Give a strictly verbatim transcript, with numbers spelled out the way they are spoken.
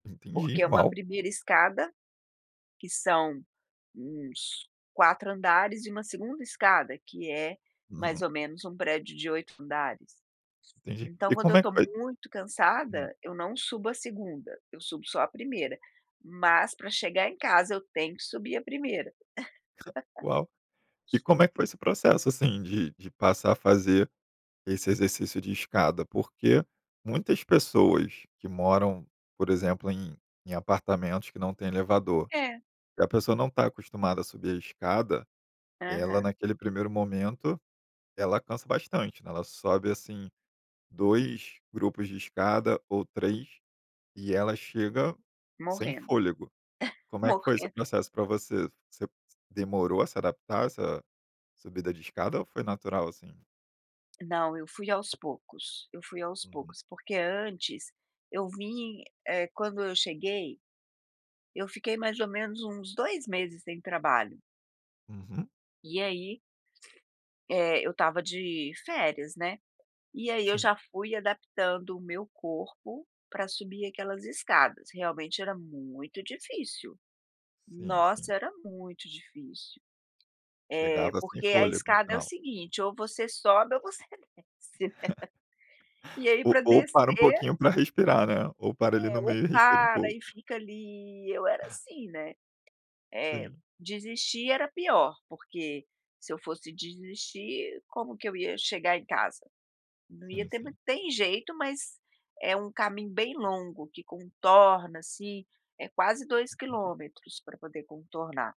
Porque Entendi. é uma Uau! primeira escada que são uns quatro andares e uma segunda escada que é mais Uhum. ou menos um prédio de oito andares. Entendi. Então E quando eu como é que estou foi muito Hum. cansada, eu não subo a segunda, eu subo só a primeira, mas pra chegar em casa eu tenho que subir a primeira. Uau! E como é que foi esse processo, assim, de de passar a fazer esse exercício de escada? Porque muitas pessoas que moram, por exemplo, em em apartamentos que não tem elevador, É. que a pessoa não está acostumada a subir a escada, ela Aham. naquele primeiro momento, ela cansa bastante, né, ela sobe, assim, dois grupos de escada ou três e ela chega sem Morrendo. fôlego. Como é que foi esse Morrendo. processo pra você? Você demorou a se adaptar a essa subida de escada ou foi natural assim? Não, eu fui aos poucos, eu fui aos Uhum. poucos. Porque antes eu vim eh, quando eu cheguei, eu fiquei mais ou menos uns dois meses sem trabalho. Uhum. E aí eh, eu estava de férias, né, e aí eu Sim. já fui adaptando o meu corpo pra subir aquelas escadas, realmente era muito difícil. Sim, sim. Nossa era muito difícil. É, Chegava sem porque a fôlego no escada é o final. seguinte, ou você sobe ou você desce. E aí O pra ou para um descer pouquinho pra respirar, né, ou para ali É, no ou meio e respira um para pouco. e fica ali, eu era assim, né. É, Sim. desistir era pior, porque se eu fosse desistir como que eu ia chegar em casa? Não ia Sim, ter ma sim. tem jeito, mas é um caminho bem longo que contorna, assim, é quase dois [unintelligible] quilômetros pra poder contornar.